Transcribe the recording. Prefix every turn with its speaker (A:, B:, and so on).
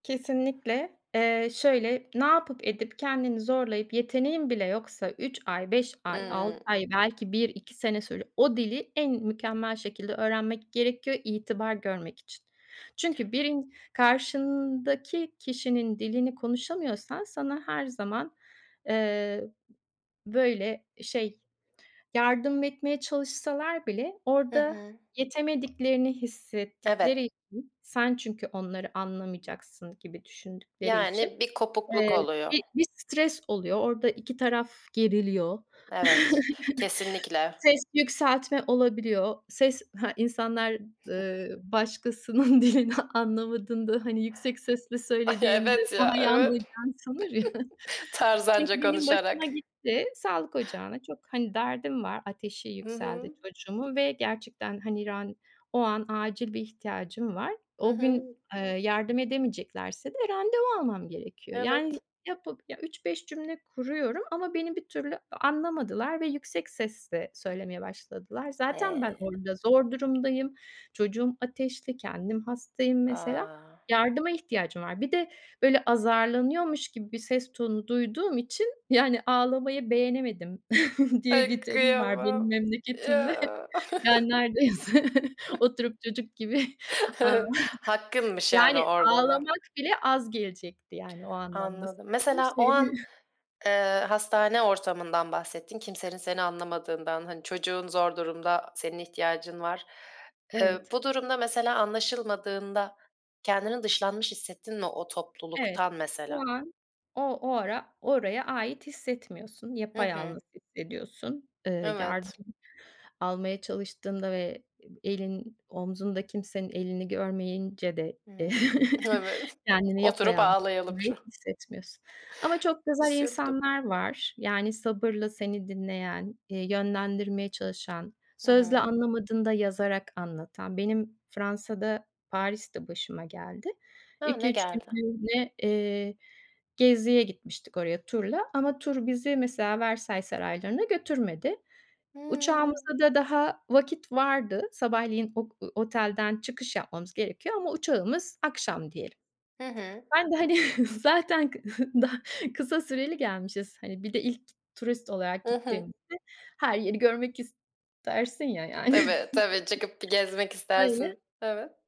A: Kesinlikle. Eee, şöyle: Ne yapıp edip kendini zorlayıp yeteneğin bile yoksa 3 ay 5 ay 6
B: Hımm.
A: ay belki 1-2 sene sürüyor. O dili en mükemmel şekilde öğrenmek gerekiyor itibar görmek için. Çünkü
B: [unintelligible]
A: birin karşındaki kişinin dilini konuşamıyorsan sana her zaman, eee, ı böyle, şey, yardım etmeye çalışsalar bile
B: Hı
A: orada
B: hı.
A: yetemediklerini
B: Evet.
A: hissettikleri için Sen çünkü onları anlamayacaksın gibi düşündükleri için,
B: Yani bir kopukluk
A: eee,
B: oluyor.
A: bir bir stres oluyor. Orada iki taraf geriliyor.
B: Evet, kesinlikle.
A: Ses yükseltme olabiliyor. Ses Ha, insanlar, ııı, başkasının dilini anlamadığında, hani, yüksek sesle
B: Ay,
A: söylediğinde
B: evet, ya,
A: daha iyi
B: evet.
A: anlayacağını sanır ya.
B: Tarzanca
A: Çünkü benim başıma
B: konuşarak.
A: gitti. Sağlık ocağına çok hani, derdim var, ateşi
B: Hı
A: yükseldi
B: hı.
A: çocuğumun ve gerçekten, hani, ran o an acil bir ihtiyacım var.
B: Hı
A: O gün,
B: hı.
A: eee, yardım edemeyeceklerse de randevu almam gerekiyor. Yani
B: Evet.
A: yapıp, ya, 3-5 cümle kuruyorum ama beni bir türlü a anlamadılar ve yüksek sesle söylemeye başladılar. Zaten ben
B: E
A: orada zor durumdayım. Çocuğum ateşli, kendim hastayım mesela.
B: A!
A: Yardıma ihtiyacım var. Bir de böyle azarlanıyormuş gibi bir ses tonu duyduğum için, yani, ağlamayı beğenemedim diye
B: Ay
A: bir terim var
B: kıyamam.
A: benim memleketimde.
B: Ya.
A: Yani neredeyse oturup çocuk gibi ağ
B: Hakkınmış yani
A: Yani
B: orada da.
A: ağlamak bile az gelecekti. Yani o anlamda
B: Anladım.
A: söyledim
B: Mesela o
A: şeyi.
B: an, eee, hastane ortamından bahsettin kimsenin seni anlamadığından, hani, çocuğun zor durumda, senin ihtiyacın var. Eee,
A: Evet.
B: bu durumda, mesela, anlaşılmadığında kendini dışlanmış hissettin mi o
A: Evet,
B: topluluktan
A: o
B: mesela?
A: an o o ara oraya ait hissetmiyorsun,
B: Hı
A: yapayalnız
B: hı.
A: hissediyorsun. Eee,
B: Evet.
A: yardım almaya çalıştığında ve ebi elin omzunda kimsenin elini görmeyince de
B: Hımm. Evet,
A: kendini
B: oturup
A: yapayalnız
B: ağlayalım
A: [unintelligible]
B: şu
A: hissetmiyorsun ama çok güzel
B: Üzüldüm.
A: insanlar var. Yani sabırla seni dinleyen, iii, yönlendirmeye çalışan,
B: Hı
A: sözle
B: hı.
A: anlamadığında yazarak anlatan. Benim Fransa'da Paris'te başıma geldi.
B: Ha! Ne
A: 2-3
B: geldi?
A: günlüğüne, eee, geziye gitmiştik oraya turla ama tur bizi, mesela, Versailles saraylarına götürmedi.
B: Hımm.
A: Uçağımıza da daha vakit vardı. Sabahleyin ok ııı, otelden çıkış yapmamız gerekiyor ama uçağımız akşam diyelim.
B: Hı hı.
A: Ben de, hani, zaten kı da kısa süreli gelmişiz. Hani, bir de ilk turist olarak
B: Hı hı.
A: gittiğimizde her yeri görmek istersin ya yani.
B: Tabii, tabii. Çıkıp bir gezmek
A: Öyle.
B: istersin. Evet.